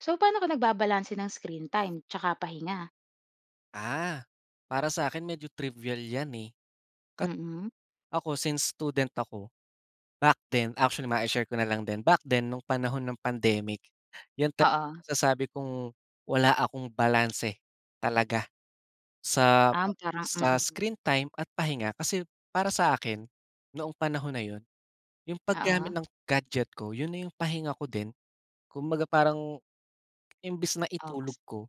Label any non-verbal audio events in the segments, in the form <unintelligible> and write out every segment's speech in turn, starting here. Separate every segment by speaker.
Speaker 1: So, paano ka nagbabalanse ng screen time tsaka pahinga?
Speaker 2: Ah, para sa'kin medyo trivial yan eh. Kat
Speaker 1: Mm.
Speaker 2: ako since student ako, back then actually mai-share ko na lang din, back then nung panahon nung pandemic yun tala
Speaker 1: Oo.
Speaker 2: masasabi kong wala akong balanse talaga sa
Speaker 1: Um, parang
Speaker 2: sa
Speaker 1: mm.
Speaker 2: screen time at pahinga, kasi para sa akin, noong panahon na yun, yung
Speaker 1: Oo.
Speaker 2: pag-gamit ng gadget ko yun na yung pahinga ko din kumbaga parang imbis na
Speaker 1: Oo, kas
Speaker 2: itulog ko,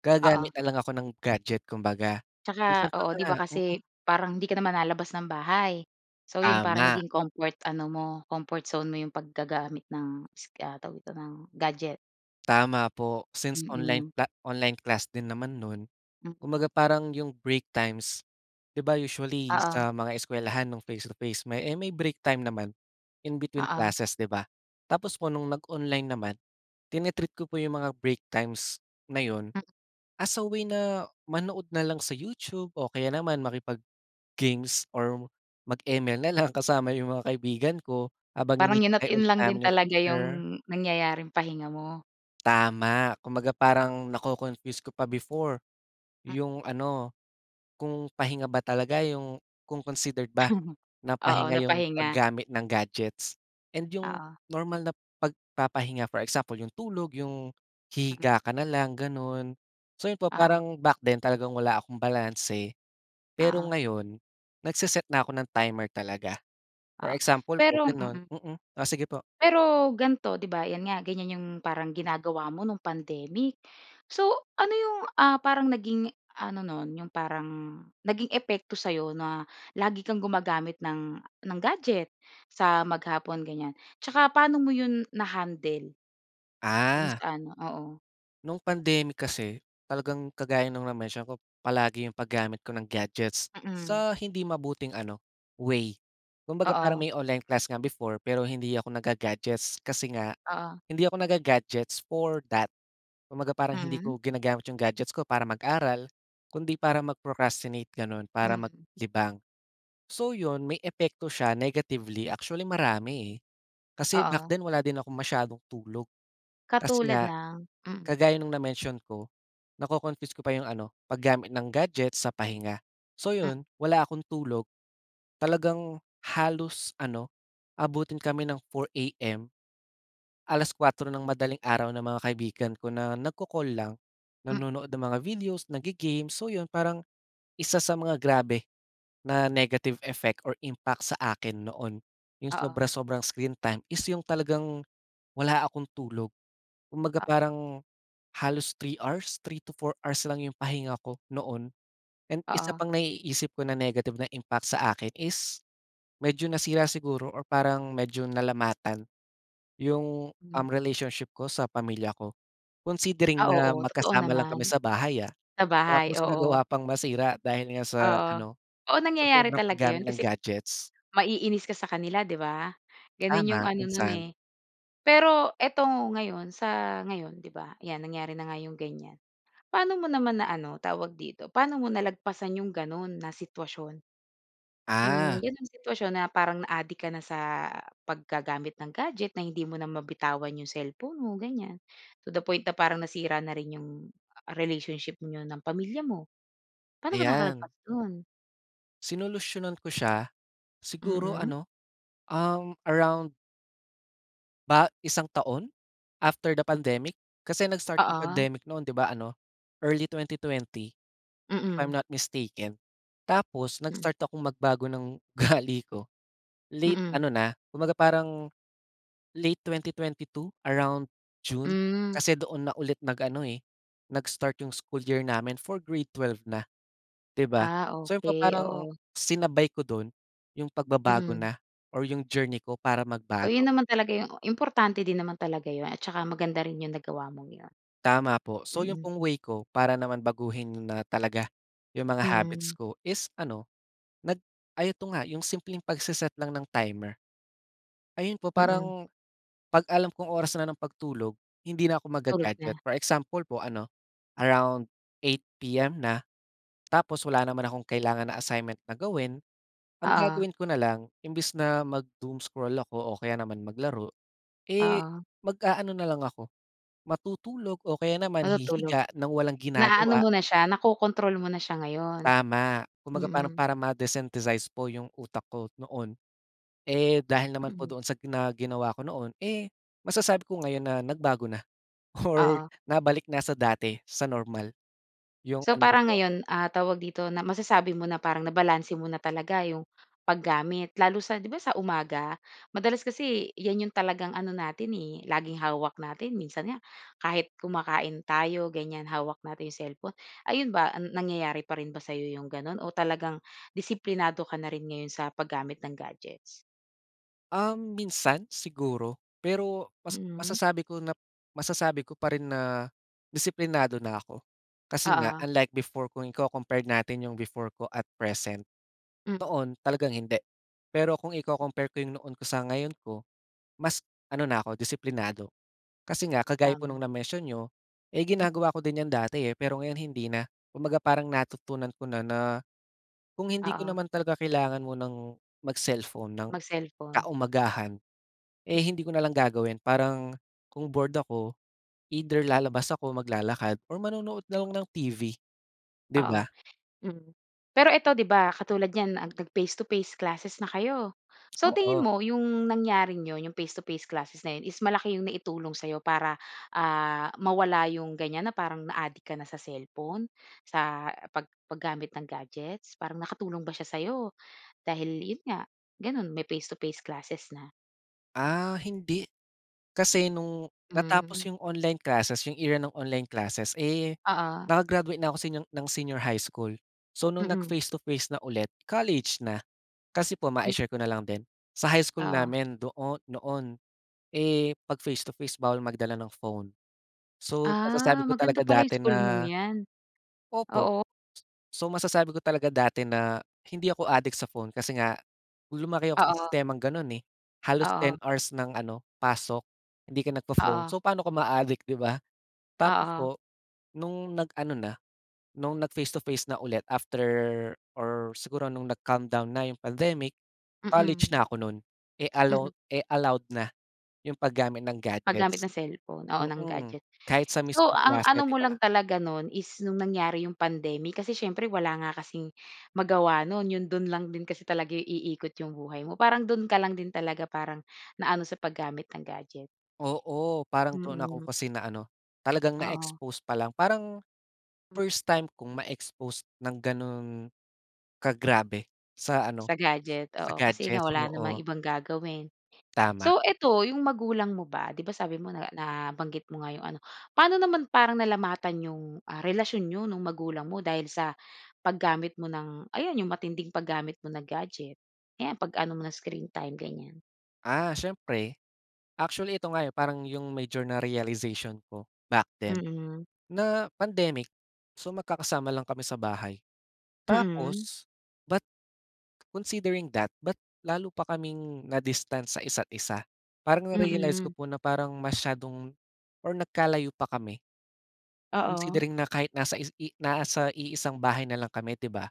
Speaker 2: gagamit
Speaker 1: Oo.
Speaker 2: na lang ako ng gadget kumbaga minsan
Speaker 1: Tsaka,
Speaker 2: pa
Speaker 1: oo,
Speaker 2: nga
Speaker 1: di ba
Speaker 2: mm.
Speaker 1: kasi parang hindi ka naman lalabas ng bahay, so 'yon parang
Speaker 2: Tama.
Speaker 1: naging comfort ano mo, comfort zone mo yung paggagamit ng is ah, tawag nito ng gadget.
Speaker 2: Tama po, since online
Speaker 1: Mm.
Speaker 2: cla online class din naman noon,
Speaker 1: Mm.
Speaker 2: kumbaga parang yung break times, di ba, usually
Speaker 1: Oo.
Speaker 2: sa mga eskuwelahan noong face to face may eh, may break time naman in between
Speaker 1: Oo.
Speaker 2: classes, di ba? Tapos po noong nag-online naman, tini-treat ko po yung mga break times na yun,
Speaker 1: Mm.
Speaker 2: as a way na manood na lang sa YouTube o kaya naman makipag-games or mag-ML na lang kasama yung mga kaibigan ko habang
Speaker 1: Parang yun at
Speaker 2: hinihintay
Speaker 1: yun
Speaker 2: ulit
Speaker 1: lang din
Speaker 2: namin yung
Speaker 1: talaga
Speaker 2: teacher.
Speaker 1: yung nangyayaring pahinga mo.
Speaker 2: Tama, kumbaga parang naco-confuse ka pa before,
Speaker 1: Mm.
Speaker 2: yung ano, kung pahinga ba talaga yung kung considered ba
Speaker 1: <chuckles>
Speaker 2: na
Speaker 1: Oo,
Speaker 2: pahinga
Speaker 1: na
Speaker 2: yung
Speaker 1: pahinga.
Speaker 2: paggamit ng gadgets and yung
Speaker 1: Oo.
Speaker 2: normal na pagpapahinga, for example yung tulog, yung
Speaker 1: Mm.
Speaker 2: hihiga ka na lang ganon. So 'yon po
Speaker 1: Oo.
Speaker 2: parang back then talagang wala akong balanse. Pero
Speaker 1: Oo.
Speaker 2: ngayon, nagse-set na ako ng timer talaga. For
Speaker 1: Oo,
Speaker 2: example po
Speaker 1: pero
Speaker 2: gano'n
Speaker 1: mm.
Speaker 2: mm, oh sige po.
Speaker 1: Pero ganito di ba yan nga ganyan yung parang ginagawa mo nung pandemic, so ano yung ah, parang naging ano noon yung parang, naging epekto sa'yo na lagi kang gumagamit ng ng gadget sa maghapon ganyan? Tsaka paano mo 'yon na-handle? Dun
Speaker 2: Ah.
Speaker 1: sa ano, oo.
Speaker 2: Nung pandemic kasi, talagang kagaya noong na-mention ko, palagi iyong pag-gamit ko ng gadgets,
Speaker 1: Mm.
Speaker 2: sa hindi mabuting ano, way. Kumbaga parang
Speaker 1: Oo.
Speaker 2: may online class nga before, pero hindi ako nagga-gadgets, kasi nga,
Speaker 1: Oo.
Speaker 2: hindi ako nag ga-gadgets for that. Kumbaga parang hindi
Speaker 1: Mhm.
Speaker 2: ko ginagamit iyong gadgets ko para mag-aral, kundi para mag-procrastinate ganoon, para mag
Speaker 1: Mm.
Speaker 2: libang. So iyon, may epekto siya negatively, actually marami eh. Kasi back
Speaker 1: Oo.
Speaker 2: then wala din akong masyadong tulog. Kasi
Speaker 1: Katulad
Speaker 2: nga,
Speaker 1: ng? Mm.
Speaker 2: kagaya nung na-mention ko, nako-confuse ko pa yung ano, pag-gamit ng gadget sa pahinga. So
Speaker 1: Mm.
Speaker 2: yun, wala akong tulog, talagang, halos ano, abutin kami ng 4 AM. 4:00 AM ng madaling araw ng mga kaibigan ko na nagko-call lang.
Speaker 1: Mm.
Speaker 2: Nanonood ng mga videos, naggi-games, so yun, parang isa sa mga grabe, na negative effect or impact sa akin noon, yung
Speaker 1: Oo.
Speaker 2: sobra-sobrang screen time is yung talagang, wala akong tulog. Kumbaga
Speaker 1: Ah.
Speaker 2: parang, halos 3 hours? 3 to 4 hours lang yung pahinga ko noon. And isa
Speaker 1: Oo.
Speaker 2: pang naiisip ko na negative na impact sa akin is medyo nasira siguro or parang medyo nalamatan, yung, um,
Speaker 1: Hmm.
Speaker 2: relationship ko sa pamilya ko. Considering
Speaker 1: Ah,
Speaker 2: na
Speaker 1: oo, totoo
Speaker 2: magkasama lang kami
Speaker 1: naman.
Speaker 2: sa bahay, ah,
Speaker 1: Sa bahay?
Speaker 2: tapos
Speaker 1: Oo.
Speaker 2: nagawa pang masira dahil nga sa
Speaker 1: Oo,
Speaker 2: ano,
Speaker 1: oo
Speaker 2: sa
Speaker 1: nangyayari
Speaker 2: sobrang
Speaker 1: talaga
Speaker 2: paggamit
Speaker 1: yun
Speaker 2: ng
Speaker 1: kasi
Speaker 2: gadgets.
Speaker 1: maiinis ka sa kanila, 'di ba? Ganoon iyong
Speaker 2: Tama,
Speaker 1: ano nun
Speaker 2: minsan.
Speaker 1: eh. Pero ito ngayon, sa ngayon, 'di ba? Ayan nangyari na nga iyong ganyan. Paano mo naman na ano, tawag dito? Paano mo nalagpasan iyong ganoon na sitwasyon? Yung
Speaker 2: Ah.
Speaker 1: ganun sitwasyon, na parang na-adik ka na sa, paggagamit ng gadget, na hindi mo na mabitawan iyong cellphone mo, ganyan. To the point na parang nasira na rin iyong, ah, relationship niyo ng pamilya mo? Paano ka
Speaker 2: Ayan.
Speaker 1: nakalagpas dun?
Speaker 2: Sinolusyunan ko siya, siguro
Speaker 1: Mm.
Speaker 2: ano, um, around ba, isang taon, after the pandemic. Kasi nag-start yung
Speaker 1: Oo.
Speaker 2: pandemic noon, 'di ba ano, early 2020, if I'm
Speaker 1: Mm.
Speaker 2: not mistaken. Tapos
Speaker 1: Mm.
Speaker 2: nag-start akong magbago ng ugali ko, late
Speaker 1: Mm.
Speaker 2: ano na, kumbaga parang, late 2022, around June.
Speaker 1: Mm.
Speaker 2: Kasi doon na ulit nag-ano eh, nag-start yung school year namin for grade 12 na, 'di ba.
Speaker 1: Ah,
Speaker 2: So, yun pa,
Speaker 1: okey.
Speaker 2: parang
Speaker 1: Oo.
Speaker 2: sinabay ko doon yung pagbabago
Speaker 1: Mm.
Speaker 2: na, or yung journey ko para
Speaker 1: Oh, yun
Speaker 2: magbago.
Speaker 1: naman talaga yung importante din naman talaga yun, at saka maganda rin yung nagawa mong yun.
Speaker 2: Tama po. So, yun
Speaker 1: Mhm.
Speaker 2: pong way ko para naman baguhin na talaga yung mga habits
Speaker 1: Mm.
Speaker 2: ko is ano, nag ay ito nga, yung simpleng pagse-set lang ng timer. Ayun po,
Speaker 1: Mm.
Speaker 2: parang kapag alam kong oras na ng pagtulog, hindi na ako
Speaker 1: Tulog
Speaker 2: magga-gadget.
Speaker 1: na.
Speaker 2: For example po ano, around 8 PM na, tapos wala naman akong kailangan na assignment na gawin, ang
Speaker 1: Oo.
Speaker 2: gagawin ko na lang, imbes na mag-doomscroll ako, o kaya naman maglaro, eh,
Speaker 1: Oo.
Speaker 2: mag-aano na lang ako, matutulog o kaya naman
Speaker 1: Matutulog.
Speaker 2: hihiga ng walang
Speaker 1: Na-aano
Speaker 2: ginagawa.
Speaker 1: mo na siya, nako-kontrol mo na siya ngayon?
Speaker 2: Tama. Kumbaga parang,
Speaker 1: Mm.
Speaker 2: para ma-desynthesis po yung utak ko noon. Eh, dahil naman po
Speaker 1: Mhm.
Speaker 2: doon sa na ginawa ko noon, eh, masasabi ko ngayon na nagbago na, or
Speaker 1: Oo.
Speaker 2: nabalik na sa dati, sa normal yung
Speaker 1: So,
Speaker 2: ano
Speaker 1: parang
Speaker 2: ko.
Speaker 1: ngayon, ah, tawag dito, na masasabi mo na parang nabalanse mo na talaga yung paggamit lalo sa 'di ba sa umaga? Madalas kasi yan yung talagang ano natin eh, laging hawak natin. Minsan nga kahit kumakain tayo, ganyan, hawak natin yung cellphone. Ayun ba, nangyayari pa rin ba sa iyo yung ganoon? O talagang disiplinado ka na rin ngayon sa paggamit ng gadgets?
Speaker 2: Um, minsan siguro. Pero mas
Speaker 1: Mm.
Speaker 2: masasabi ko na masasabi ko pa rin na disiplinado na ako. Kasi nga
Speaker 1: Oo.
Speaker 2: unlike before kung iko-compared natin iyong before ko at present.
Speaker 1: Mm.
Speaker 2: Noon, talagang hindi. Pero kung iko-compare ko 'yong noon ko sa ngayon ko, mas ano na ako disiplinado. Kasi nga, kagaya po
Speaker 1: Tama.
Speaker 2: nung na-mention niyo, eh,
Speaker 1: Mm.
Speaker 2: ginagawa ko din 'yon dati eh, pero ngayon hindi na. Kumbaga parang natutunan ko na na, kung hindi ko
Speaker 1: Oo.
Speaker 2: naman talaga kailangan munang mag-cellphone ng
Speaker 1: Mag-cellphone.
Speaker 2: kaumagahan, eh, hindi ko na lang gagawin. Parang kung bored ako, either lalabas ako, maglalakad or manonood na lang ng TV, 'di
Speaker 1: Oo,
Speaker 2: ba?
Speaker 1: mm. Pero eto 'di ba katulad niyan, ah, nag-face to face classes na kayo. So tingin
Speaker 2: Oo.
Speaker 1: mo 'yong nangyaring iyon iyong face to face classes na 'yon is malaki 'yong naitulong sa'yo para, ah, mawala 'yong ganyan na parang na-adik ka na sa cellphone? Sa pag paggamit ng gadgets, parang nakatulong ba siya sa'yo, dahil 'yon nga, ganoon may face to face classes na?
Speaker 2: Ah, hindi. Kasi 'nong
Speaker 1: Hmm.
Speaker 2: natapos 'yong online classes, 'yong era ng online classes, eh,
Speaker 1: Oo.
Speaker 2: naka-graduate na ako seniang ng senior high school. So 'nong
Speaker 1: Mm.
Speaker 2: nag-face to face na ulit, college na. Kasi po,
Speaker 1: Hmm.
Speaker 2: mai-share ko na lang din. Sa high school
Speaker 1: Oo.
Speaker 2: namin doo noon, eh, 'pag face to face bawal magdala ng phone. So
Speaker 1: Ah,
Speaker 2: masasabi ko talaga
Speaker 1: maganda pala 'yong
Speaker 2: dati
Speaker 1: school mong
Speaker 2: na
Speaker 1: 'yan.
Speaker 2: Opo.
Speaker 1: Oo.
Speaker 2: So, masasabi ko talaga dati na, hindi ako addict sa phone kasi nga, lumaki ako sa
Speaker 1: Oo.
Speaker 2: sistemang gan'n eh, halos 10
Speaker 1: Oo.
Speaker 2: hours ng ano, pasok hindi ka nagpo-phone.
Speaker 1: Oo.
Speaker 2: So pa'no ka maaadik, di ba? Tapos
Speaker 1: Oo.
Speaker 2: po, 'nong nag-ano na, 'nong nag-face to face na ulit after or siguro 'nong nag-calm down na 'yong pandemic, college
Speaker 1: Mm.
Speaker 2: na 'ko no'n. Eh,
Speaker 1: Mm.
Speaker 2: allow eh, allowed na 'yong paggamit ng
Speaker 1: Paggamit
Speaker 2: gadgets.
Speaker 1: ng cellphone, oo, ng
Speaker 2: Mm,
Speaker 1: gadget.
Speaker 2: kahit sa
Speaker 1: So,
Speaker 2: mismong
Speaker 1: ang
Speaker 2: klase,
Speaker 1: ano
Speaker 2: 'di
Speaker 1: mo lang
Speaker 2: ba?
Speaker 1: talaga no'n is 'nong nangyari 'yong pandemic, kasi siyempre wala nga kasing magawa no'n. 'Yong do'n lang din kasi talaga iikot 'yong buhay mo, parang do'n ka lang din talaga parang, naano sa paggamit ng gadget.
Speaker 2: Oo, parang do'n ako
Speaker 1: Mm.
Speaker 2: kasi naano, talagang
Speaker 1: Oo.
Speaker 2: na-expose pa lang. Parang
Speaker 1: Hmm.
Speaker 2: first time kong ma-expose ng gano'n ka grabe sa ano,
Speaker 1: Sa gadget,
Speaker 2: s-sa
Speaker 1: oo. Kasi nga
Speaker 2: gadget.
Speaker 1: wala namang
Speaker 2: Oo.
Speaker 1: ibang gagawin.
Speaker 2: Tama.
Speaker 1: So 'eto, 'yong magulang mo ba, 'di ba, sabi mo na nabanggit mo nga 'yong ano, pa'no naman parang nalamatan 'yong, ah, relasyon niyo 'nong magulang mo dahil sa paggamit mo ng ayan, 'yong matinding paggamit mo ng gadget? Ayan, 'pag ano mo ng screen time, ganiyan.
Speaker 2: Ah, siyempre, actually, ito nga 'yong parang 'yong major na realization ko back then,
Speaker 1: Mm.
Speaker 2: na pandemic, so magkakasama lang kami sa bahay.
Speaker 1: Mm.
Speaker 2: Tapos, but considering that, ba't lalo pa kaming na-distance sa isa't isa. Parang na-realize ko
Speaker 1: Mm.
Speaker 2: po na parang masyadong or nagkalayo pa kami.
Speaker 1: Oo.
Speaker 2: Considering na kahit nasa is i nasa iisang bahay na lang kami, 'di ba?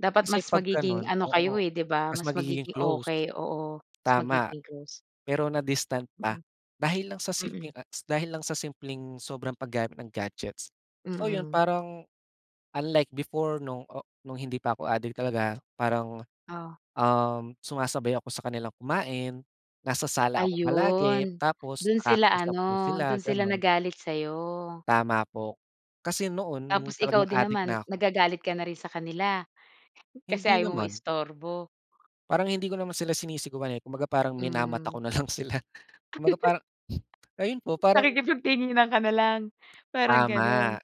Speaker 1: Dapat
Speaker 2: Kasi
Speaker 1: mas
Speaker 2: 'pag
Speaker 1: magiging
Speaker 2: gano'n,
Speaker 1: ano
Speaker 2: oo,
Speaker 1: kayo eh, 'di ba,
Speaker 2: mas
Speaker 1: mas
Speaker 2: magiging
Speaker 1: magiging
Speaker 2: close,
Speaker 1: okey, oo. Mas
Speaker 2: tama.
Speaker 1: magiging close.
Speaker 2: Pero na-distant pa
Speaker 1: Mm.
Speaker 2: dahil lang sa simpleng,
Speaker 1: Mm.
Speaker 2: ah, dahil lang sa simpleng sobrang paggamit ng gadgets. So, 'yon
Speaker 1: Mm.
Speaker 2: parang unlike before no'ng o no'ng hindi pa ako adik talaga, parang,
Speaker 1: Oh.
Speaker 2: um, sumasabay ako sa kanilang kumain. Nasa sala ako palagi,
Speaker 1: Ayon.
Speaker 2: tapos
Speaker 1: Do'n sila
Speaker 2: nakakausap ko
Speaker 1: ano, do'n
Speaker 2: sila
Speaker 1: sila
Speaker 2: gano'n.
Speaker 1: nagalit sa'yo.
Speaker 2: Tama po, kasi noon
Speaker 1: Tapos
Speaker 2: no'ng
Speaker 1: ikaw
Speaker 2: talagang
Speaker 1: din
Speaker 2: adik na
Speaker 1: naman,
Speaker 2: ako
Speaker 1: nagagalit ka na rin sa kanila, kasi
Speaker 2: Hindi
Speaker 1: ayaw mong
Speaker 2: naman.
Speaker 1: ma-istorbo.
Speaker 2: Parang hindi ko naman sila sinisigawan eh, kumbaga parang minamata
Speaker 1: Hmm.
Speaker 2: ko na lang sila. Kumbaga
Speaker 1: <giggles>
Speaker 2: parang, <blows air> ayon po parang
Speaker 1: Nakikipag-tinginan ka na lang, parang gano'n.
Speaker 2: Tama.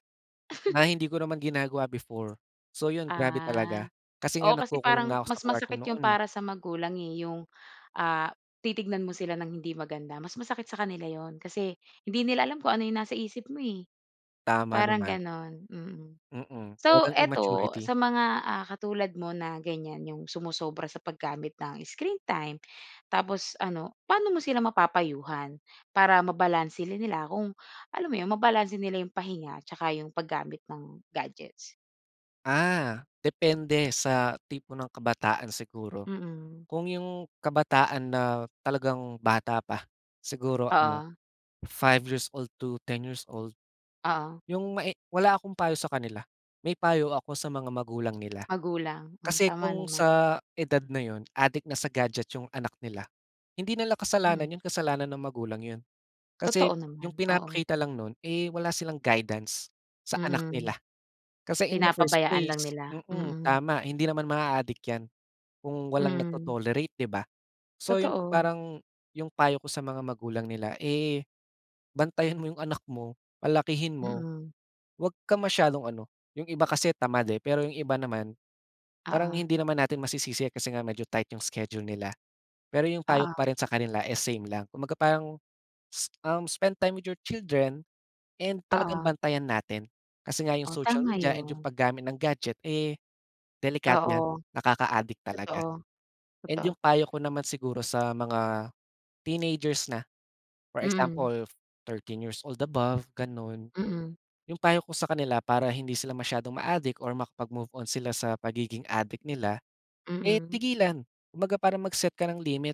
Speaker 2: Na
Speaker 1: <chuckles>
Speaker 2: hindi ko naman ginagawa before. So 'yon, grabe
Speaker 1: Ah,
Speaker 2: talaga, kasi nga
Speaker 1: oo, kasi
Speaker 2: nagkukulong
Speaker 1: parang
Speaker 2: na ako sa
Speaker 1: mas
Speaker 2: kuwarto
Speaker 1: masakit 'yon
Speaker 2: noon eh.
Speaker 1: para sa magulang eh. 'Yong, ah, titignan mo sila ng hindi maganda. Mas masakit sa kanila 'yon, kasi hindi nila alam kung ano 'yong nasa isip mo eh,
Speaker 2: Tama
Speaker 1: parang
Speaker 2: naman.
Speaker 1: gano'n. Mm.
Speaker 2: Mm,
Speaker 1: So
Speaker 2: talagang
Speaker 1: ito,
Speaker 2: immaturity.
Speaker 1: sa mga, ah, katulad mo na ganyan, 'yong sumosobra sa paggamit ng screen time, tapos ano, paano mo sila mapapayuhan para mabalanse rin nila kung, alam mo 'yon, mabalanse nila 'yong pahinga at tsaka 'yong paggamit ng gadgets?
Speaker 2: Ah, depende sa tipo ng kabataan siguro.
Speaker 1: Mm.
Speaker 2: Kung yung kabataan na talagang bata pa, siguro ano,
Speaker 1: Oo.
Speaker 2: five years old to ten years old.
Speaker 1: Oo.
Speaker 2: Yung mae wala akong payo sa kanila. May payo ako sa mga magulang nila.
Speaker 1: Magulang, oh,
Speaker 2: Kasi
Speaker 1: tama
Speaker 2: kung
Speaker 1: naman.
Speaker 2: sa edad na yun, adik na sa gadget 'yong anak nila, hindi nila kasalanan
Speaker 1: Mm.
Speaker 2: 'yon, kasalanan ng magulang 'yon. Kasi
Speaker 1: Totoo
Speaker 2: 'yong
Speaker 1: naman, oo.
Speaker 2: pinapakita lang no'n, eh, wala silang guidance sa anak
Speaker 1: Mm,
Speaker 2: nila. Kasi in the first
Speaker 1: pinapabayaan lang
Speaker 2: place
Speaker 1: nila,
Speaker 2: mm,
Speaker 1: mm.
Speaker 2: tama, hindi naman maa-adik 'yan kung walang
Speaker 1: Mm.
Speaker 2: nagto-tolerate, 'di ba? So 'yon po
Speaker 1: Totoo.
Speaker 2: parang 'yong payo ko sa mga magulang nila, eh, bantayan mo 'yong anak mo, palakihin mo,
Speaker 1: Mm.
Speaker 2: huwag ka masyadong ano, 'yong iba kasi tamad, eh, pero 'yong iba naman parang
Speaker 1: Oo.
Speaker 2: hindi naman natin masisisi kasi nga medyo tight 'yong schedule nila. Pero 'yong payo ko
Speaker 1: Oo.
Speaker 2: pa rin sa kanila is same lang. Kumbaga parang s uhm, spend time with your children and talagang
Speaker 1: Oo.
Speaker 2: bantayan natin kasi nga 'yong
Speaker 1: Oh,
Speaker 2: social
Speaker 1: tama
Speaker 2: media and 'yong
Speaker 1: yun.
Speaker 2: paggamit ng gadget, eh, delikado 'yan,
Speaker 1: Oo.
Speaker 2: nakaka-adik talaga.
Speaker 1: Totoo,
Speaker 2: And
Speaker 1: totoo.
Speaker 2: yung payo ko naman siguro sa mga teenagers na, for
Speaker 1: Mm.
Speaker 2: example thirteen years old above ganon.
Speaker 1: Mm.
Speaker 2: 'Yong payo ko sa kanila para hindi sila masyadong ma-adik or makapag-move-on sila sa pagiging adik nila, eh,
Speaker 1: Mm.
Speaker 2: tigilan. Kumbaga parang mag-set ka ng limit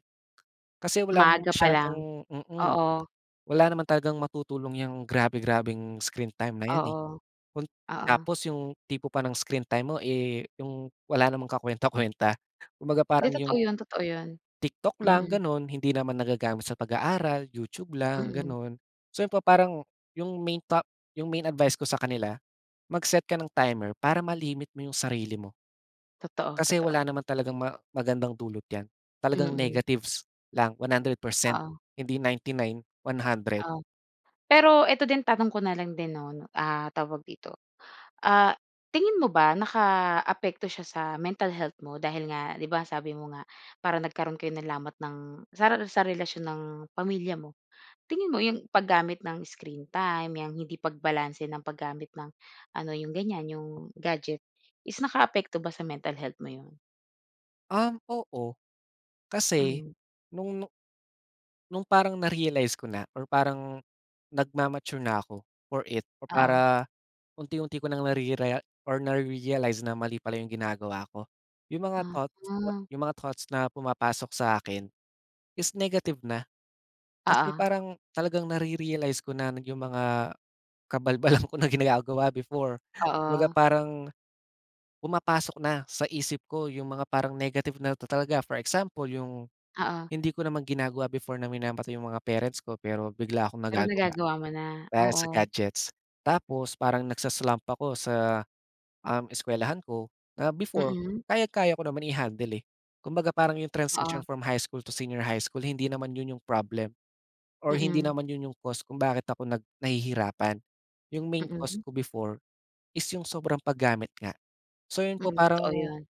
Speaker 2: kasi wala namang
Speaker 1: Maaga pa lang,
Speaker 2: masyadong mm,
Speaker 1: oo.
Speaker 2: wala naman talagang matutulong 'yang grabe-grabeng screen time na 'yan, eh.
Speaker 1: Oo.
Speaker 2: Kun
Speaker 1: Oo.
Speaker 2: tapos 'yong tipo pa ng screen time mo, eh, 'yong wala namang kakuwenta-kuwenta. Kumbaga
Speaker 1: 'Di
Speaker 2: parang
Speaker 1: totoo
Speaker 2: 'yong
Speaker 1: yun, totoo 'yon,
Speaker 2: TikTok lang
Speaker 1: mm.
Speaker 2: ganun, hindi naman nagagamit sa pag-aaral, YouTube lang,
Speaker 1: Mm.
Speaker 2: ganun. So, pa parang yung main ta main advice ko sa kanila mag-set ka ng timer para ma-limit mo yung sarili mo.
Speaker 1: Totoo,
Speaker 2: Kasi wala
Speaker 1: totoo.
Speaker 2: naman talagang ma magandang dulot yan. Talagang
Speaker 1: Mm.
Speaker 2: negatives lang 100%,
Speaker 1: Oo.
Speaker 2: hindi 99, 100.
Speaker 1: Oh. Pero ito din tanong ko na lang din, 'no, ah, tawag dito? Ah, tingin mo ba nakaapekto siya sa mental health mo dahil nga, 'di ba, sabi mo nga, parang nagkaroon kayo ng lamat ng sa rela sa relasyon ng pamilya mo. Tingin mo 'yong paggamit ng screen time, 'yang hindi pagbalanse ng paggamit ng ano, 'yong ganyan, 'yong gadget is nakaapekto ba sa mental health mo 'yon?
Speaker 2: Um, oo. Kasi,
Speaker 1: Hmm.
Speaker 2: noong nu noong parang na-realize ko na, or parang nagma-mature na ako, for it, o
Speaker 1: Oo.
Speaker 2: para unti-unti ko ng narerea or na-realize na mali pala iyong ginagawa ko. Iyong mga thoughts
Speaker 1: Ah.
Speaker 2: iyong mga thoughts na pumapasok sa akin, is negative na. Kasi
Speaker 1: Oo.
Speaker 2: parang talagang nare-realize ko na iyong mga kabalbalan ko na ginagawa before. Kumbaga
Speaker 1: Oo.
Speaker 2: parang, pumapasok na sa isip ko iyong mga parang negative na talaga. For example, iyong
Speaker 1: Oo.
Speaker 2: hindi ko naman ginagawa before na minamata iyong mga parents ko pero bigla akong
Speaker 1: Pero
Speaker 2: nagagawa,
Speaker 1: nagagawa mo na?
Speaker 2: dahil sa
Speaker 1: Oo.
Speaker 2: gadgets. Tapos parang nagsa-slump ako sa, um, eskuwelahan ko, na before
Speaker 1: Mm.
Speaker 2: kayang-kaya ko naman i-handle eh. Kumbaga parang iyong transition
Speaker 1: Oo.
Speaker 2: from high school to senior high school hindi naman iyon iyong problem, or hindi
Speaker 1: Mm.
Speaker 2: naman iyon iyong cause kung bakit ako nag nahihirapan. Iyong main cause
Speaker 1: Mm.
Speaker 2: ko before is iyong sobrang paggamit nga. So iyon po
Speaker 1: Mm, totoo
Speaker 2: parang
Speaker 1: iyon.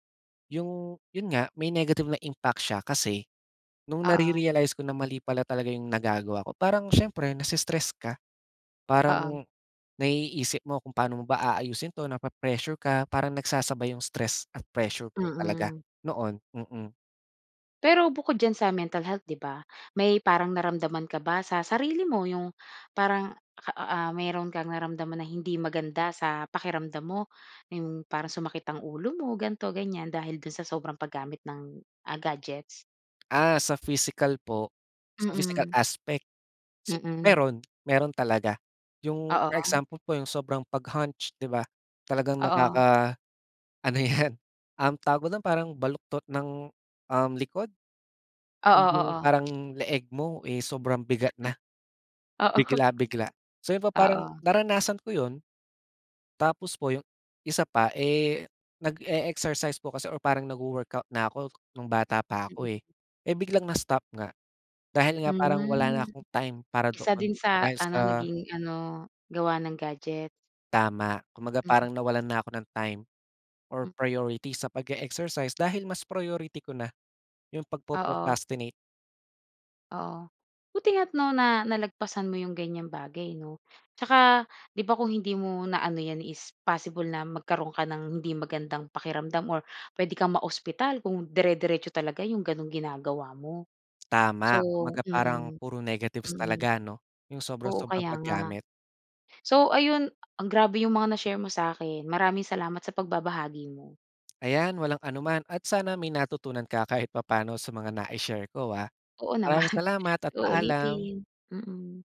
Speaker 2: iyong iyon nga, may negative na impact siya kasi, noong
Speaker 1: Oo.
Speaker 2: nare-realize ko na mali pala talaga iyong nagagawa ko, parang siyempre nai-stress ka. Parang,
Speaker 1: Oo.
Speaker 2: naiisip mo kung paano mo ba aayusin ito napre-pressure ka, parang nagsasabay iyong stress at pressure ko talaga
Speaker 1: Mm.
Speaker 2: noon. Mm.
Speaker 1: Pero bukod diyan sa mental health, di ba, may parang naramdaman ka ba sa sarili mo iyong parang a ah mayroon kang naramdaman na hindi maganda sa pakiramdam mo iyong parang sumakit ang ulo mo ganito ganyan dahil doon sa sobrang paggamit ng, ah, gadgets?
Speaker 2: Ah, sa physical po, sa physical
Speaker 1: Mm.
Speaker 2: aspect? Sigu
Speaker 1: Mm.
Speaker 2: meron, meron talaga. Iyong for
Speaker 1: Oo.
Speaker 2: example po iyong sobrang pag hunch, 'di ba talagang
Speaker 1: Oo.
Speaker 2: nakaka-ano yan, um, tawag mo dun, parang baluktot ng um, likod? And
Speaker 1: Oo
Speaker 2: yung
Speaker 1: oo.
Speaker 2: parang leeg mo eh sobrang bigat na
Speaker 1: <chuckles> Oo. <chuckles>
Speaker 2: bigla-bigla. So yun po pa parang
Speaker 1: Oo.
Speaker 2: naranasan ko yun. Tapos po iyong isa pa eh, nage-exercise po kasi or parang nag-wo-workout na ako nung bata pa ako eh. Eh, biglang na-stop nga, dahil nga parang wala na
Speaker 1: Hmm.
Speaker 2: akong time para
Speaker 1: Isa
Speaker 2: doon,
Speaker 1: din sa
Speaker 2: dahil
Speaker 1: ano,
Speaker 2: sa
Speaker 1: naging ano, gawa ng gadget.
Speaker 2: Tama, kumbaga
Speaker 1: Mm.
Speaker 2: parang nawalan na ako ng time, or
Speaker 1: <unintelligible>
Speaker 2: priority sa page-exercise dahil mas priority ko na, yung pagpro
Speaker 1: Oo.
Speaker 2: procrastinate.
Speaker 1: Oo. Buti nga at 'no na nalagpasan mo iyong ganyang bagay 'no. At saka di ba kung hindi mo na-ano yan is possible na magkaroon ka ng hindi magandang pakiramdam or pwede kang ma-ospital kung dire-diretso talaga iyong ganong ginagawa mo. So,
Speaker 2: Tama kumbaga parang
Speaker 1: mm,
Speaker 2: puro negatives
Speaker 1: mm.
Speaker 2: talaga ano, yung
Speaker 1: Oo
Speaker 2: sobra-sobrang
Speaker 1: kaya nga.
Speaker 2: pag-gamit?
Speaker 1: So ayun, ang grabe yung mga na-share mo sakin. Maraming salamat sa pagbabahagi mo.
Speaker 2: Ayan walang anuman at sana may natutunan ka kahit papaano sa mga nai-share ko ah.
Speaker 1: Oo naman,
Speaker 2: Maraming salamat at
Speaker 1: sa
Speaker 2: paalam.
Speaker 1: uulitin, mm.